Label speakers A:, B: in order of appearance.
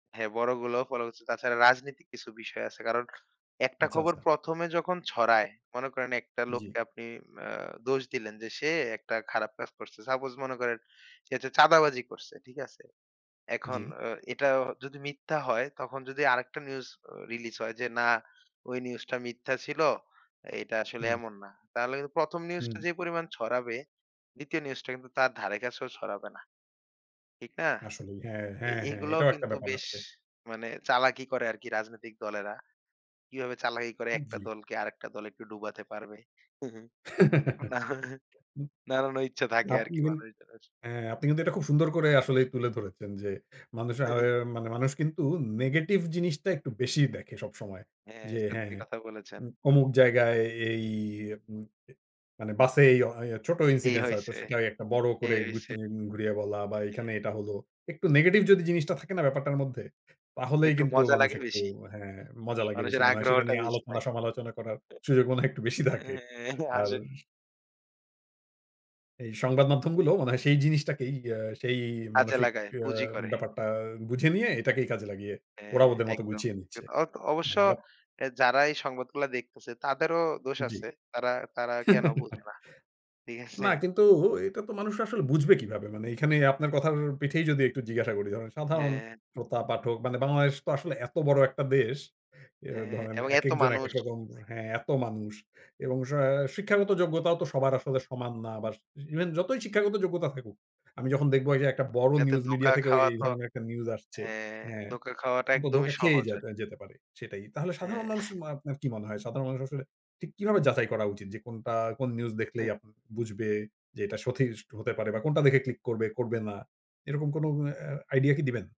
A: হ্যাঁ বড়গুলো ফলো করছে। তাছাড়া রাজনৈতিক কিছু বিষয় আছে। কারণ একটা
B: আচ্ছা,
A: খবর
B: আচ্ছা।
A: ১ম এ যখন ছড়ায়, মনে করেন একটা
B: জি।
A: লোককে আপনি অ্যা দোষ দিলেন যে সে একটা খারাপ কাজ করছে। সাপোজ মনে করেন সে যে চাঁদাবাজি করছে। ঠিক আছে? এখন
B: জি।
A: অ এটা যদি মিথ্যা হয় তখন যদি আরেকটা নিউজ রিলিজ হয় যে না ওই নিউজটা মিথ্যা ছিল এটা আসলে
B: হুম।
A: এমন না। তাহলে কিন্তু ১ম নিউজটা
B: হুম।
A: যে পরিমাণ ছড়াবে ২য় নিউজটা কিন্তু তার ধারে কাছেও ছড়াবে না। ঠিক না?
B: আসলেই হ্যাঁ।
A: তো
B: হ্যাঁ, হ্যাঁ,
A: এগুলোও
B: এটাও একটা
A: কিন্তু
B: ব্যাপার
A: বেশ
B: আছে।
A: মানে চালাকি করে আরকি রাজনৈতিক দলেরা। কিভাবে চালাকি করে একটা
B: জি।
A: দলকে আরেকটা দল একটু ডুবাতে পারবে। একটু না
B: হুম।
A: নাড়ানো ইচ্ছা থাকে
B: আপনি
A: আরকি
B: কিন
A: মানুষজনের আস
B: হ্যাঁ আপনি কিন্তু এটা খুব সুন্দর করে আসলেই তুলে ধরেছেন যে, মানুষে
A: হু,
B: [unintelligible]
A: হু।
B: মানে মানুষ কিন্তু নেগেটিভ জিনিসটা একটু বেশি দেখে সবসময়।
A: হ্যাঁ,
B: যে
A: সত্যি
B: হ্যাঁ,
A: কথা বলেছেন।
B: উ অমুক জায়গায় এই উ, এ মানে বাসে এই এ্যা ও ছোট
A: এই
B: ইনসিডেন্স হয়তো
A: হইছে
B: সেটা একটা বড়
A: এই
B: করে
A: হইছে
B: ঘুরিয়ে বলা বা এখানে
A: হুম।
B: এটা হলো। একটু নেগেটিভ যদি জিনিসটা থাকে না ব্যাপারটার মধ্যে, তাহলেই
A: একটু
B: কিন্তু
A: মজা
B: মানুষ
A: লাগে
B: একটু
A: বেশি।
B: হ্যাঁ মজা লাগে বেশি।
A: মানুষের
B: মনে হয় সেটা
A: আগ্রহটা
B: নিয়ে
A: বেশি
B: আলোচনা
A: থাকে।
B: সমালোচনা করার সুযোগ মনে হয় একটু বেশি থাকে
A: এহে
B: আর
A: আসেন।
B: এই সংবাদ মাধ্যমগুলো মনে হয় সেই জিনিসটাকেই আ সেই
A: কাজে
B: মানসিক
A: লাগায়,
B: আ
A: পুঁজি করে।
B: ব্যাপারটা বুঝে নিয়ে এটাকেই কাজে লাগিয়ে ওরা
A: হ্যাঁ,
B: ওদের মত
A: একদম।
B: গুছিয়ে নিচ্ছে।
A: অ অবশ্য
B: হ্যাঁ আরাপ
A: অ্যা যারা এই সংবাদগুলা দেখতেছে তাদেরও দোষ
B: জি।
A: আছে। তারা, তারা, কেন বোঝে না। ঠিক আছে?
B: না কিন্তু এটা তো মানুষ আসলে বুঝবে কিভাবে? মানে এখানে আপনার কথার পিঠেই যদি একটু জিজ্ঞাসা করি, ধরেন সাধারণ
A: হ্যাঁ।
B: শ্রোতা পাঠক মানে বাংলাদেশ তো আসলে এত বড় একটা দেশ। এ আ
A: হ্যাঁ
B: ধরেন
A: এবং এত
B: একেকজন
A: মানুষ।
B: একেক রকম হ্যাঁ এত মানুষ এবং সাঁ শিক্ষাগত যোগ্যতাও তো সবার আসলে সমান না। বাস ইভেন যতই শিক্ষাগত যোগ্যতা থাকুক। আমি যখন দেখবো যে একটা বড়
A: যাতে
B: নিউজ মিডিয়া
A: ধোকা
B: থেকেও
A: খাওয়া
B: এই
A: তো
B: ধরনের একটা নিউজ আসছে।
A: হ্যাঁ
B: হ্যাঁ,
A: ধোকা খাওয়াটা
B: তখন তো
A: একদমই
B: ধোঁকা খেয়েই
A: সহজ আরকি।
B: যাবে, যেতে পারে। সেটাই। তাহলে সাধারণ
A: হ্যাঁ।
B: মানুষ মা আপনার কি মনে হয়? সাধারণ মানুষ আসলে ঠিক কিভাবে যাচাই করা উচিত? যে কোনটা কোন নিউজ দেখলেই
A: হুম।
B: আপ বুঝবে যে এটা সঠিক হতে পারে বা কোনটা দেখে ক্লিক করবে করবে না। এরকম কোন অ্যা আইডিয়া কি দিবেন?